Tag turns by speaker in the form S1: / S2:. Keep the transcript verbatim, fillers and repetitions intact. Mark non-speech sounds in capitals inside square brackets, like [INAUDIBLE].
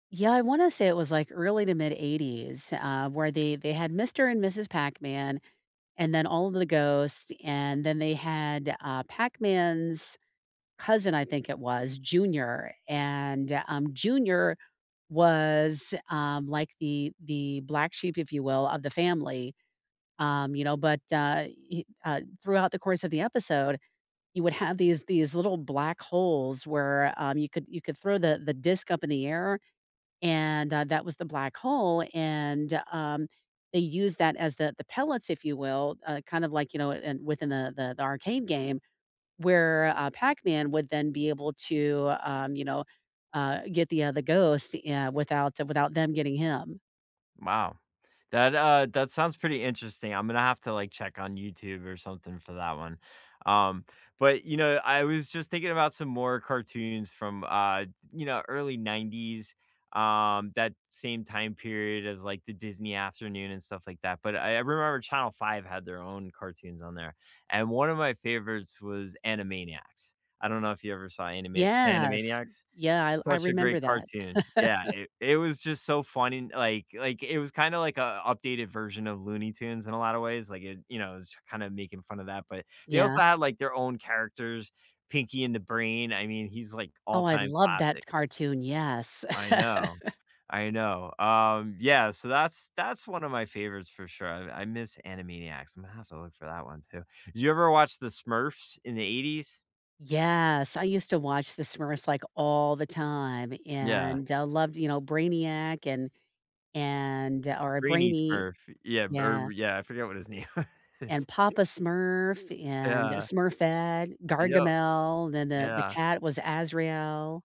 S1: Yeah, I wanna say it was, like, early to mid eighties, uh, where they they had Mr. and Mrs. Pac-Man, and then all of the ghosts, and then they had, uh, Pac-Man's cousin I think it was, Junior, and, um, Junior was, um, like the the black sheep, if you will, of the family, um, you know, but, uh, he, uh, throughout the course of the episode, you would have these these little black holes where, um, you could you could throw the the disk up in the air, and, uh, that was the black hole, and, um, they use that as the the pellets, if you will, uh, kind of, like, you know, in within the the the Arcade game, where, uh, Pac-Man would then be able to, um, you know, uh, get the, uh, the ghost, uh, without without them getting him.
S2: Wow, that, uh, that sounds pretty interesting, I'm gonna have to, like, check on YouTube or something for that one, um, but, you know, I was just thinking about some more cartoons from, uh, di you know, early nineties, um, that same time period as, like, the Disney Afternoon and stuff like that, but I I remember Channel five had their own cartoons on there, and one of my favorites was Animaniacs, I don't know if you ever saw Anima
S1: Yes.
S2: Animaniacs.
S1: Yeah, I I
S2: Such a great
S1: remember that.
S2: cartoon, yeah,
S1: [CHUCKLES]
S2: it it was just so funny, like like, it was kind of, like, an updated version of Looney Tunes in a lot of ways, like, it you know, I was just kinda making fun of that, but they
S1: Yeah.
S2: also had, like, their own characters, Pinky and the Brain, I mean, he's, like,
S1: Oh, I
S2: all-time
S1: loved
S2: classic.
S1: that cartoon, yes.
S2: I know.
S1: [CHUCKLES]
S2: I know, um, yeah, so that's that's one of my favorites for sure, and I miss Animaniacs, I'm gonna have to look for that one too. Did you ever watch The Smurfs in the eighties?
S1: Yes, I used to watch The Smurfs, like, all the time,
S2: Yeah.
S1: and I loved, you know, Brainiac and and or
S2: Brainy
S1: Brainy,
S2: Smurf, yeah, br
S1: yeah.
S2: yeah, I forgot what his name
S1: And
S2: was.
S1: Papa Smurf, and
S2: Yeah.
S1: Smurfette,
S2: Yup,
S1: Gargamel, then the the
S2: yeah.
S1: cat was Azrael.